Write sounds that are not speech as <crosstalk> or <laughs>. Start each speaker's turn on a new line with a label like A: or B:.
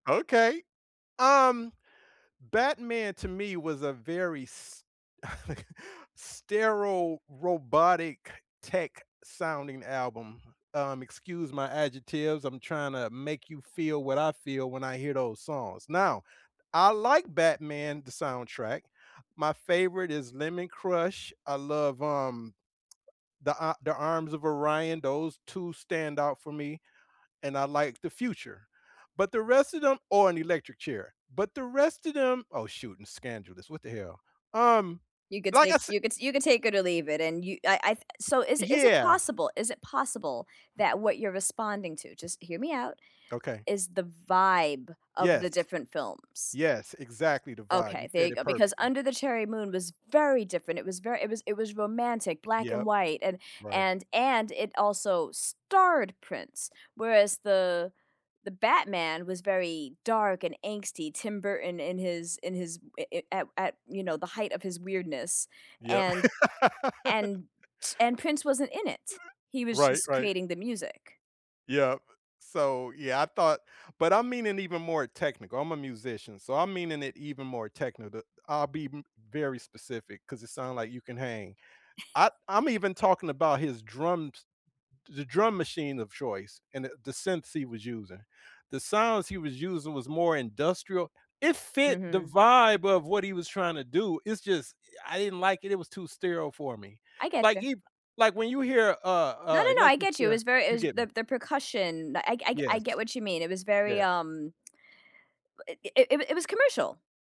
A: Okay. Um, Batman to me was a very s okay, sterile, robotic, tech-sounding album. Um, excuse my adjectives, I'm tryna make you feel what I feel when I hear those songs. Now, I like Batman, the soundtrack. My favorite is Lemon Crush. I love, um, The A The Arms of Orion, those 2 stand out for me, and I like The Future, but the rest of them Oh, and Electric Chair, but the rest of them oh, shoot, and Scandalous, what the hell? Um,
B: You could
A: like I
B: take
A: s
B: you could you could take it or leave it, and you I I th so, is is it
A: Yeah.
B: possible is it possible that what you're responding to- just hear me out-
A: Okay.
B: is the vibe of
A: Yes.
B: the different films.
A: Yes, exactly the vibe, you
B: Okay, there
A: said
B: you
A: it
B: go. Because
A: perfectly.
B: Under the Cherry Moon was very different. It was very it was it was romantic, black and
A: Yep.
B: white and
A: Right.
B: and and it also starred Prince. Whereas the the Batman was very dark and angsty, Tim Burton in his in his i i at at, you know, the height of his weirdness,
A: Yep.
B: and and
A: <laughs>
B: and Prince wasn't in it, he was
A: Right,
B: just
A: right.
B: creating the music.
A: Yep. So, yeah, I thought but I'm meaning even more technical, I'm a musician, so, I'm meaning it even more technical. I'll be m very specific 'cause it sound like you can hang.
B: <chuckles>
A: I I'm even talking about his drums the drum machine of choice and the the synths he was using. The sounds he was using was more industrial. It fit the
B: Mhm.
A: vibe of what he was trying to do, it's just I didn't like it, it was too sterile for me.
B: I
A: Like,
B: getcha.
A: he like when you hear, uh,
B: No,
A: uh,
B: no, no. I
A: Electric
B: get you. It
A: Chair,
B: was very it
A: you
B: was
A: get
B: the the percussion. I g I g I
A: Yes.
B: get what you mean, it was very,
A: Yeah.
B: um <clicks tongue> u i it w it was commercial.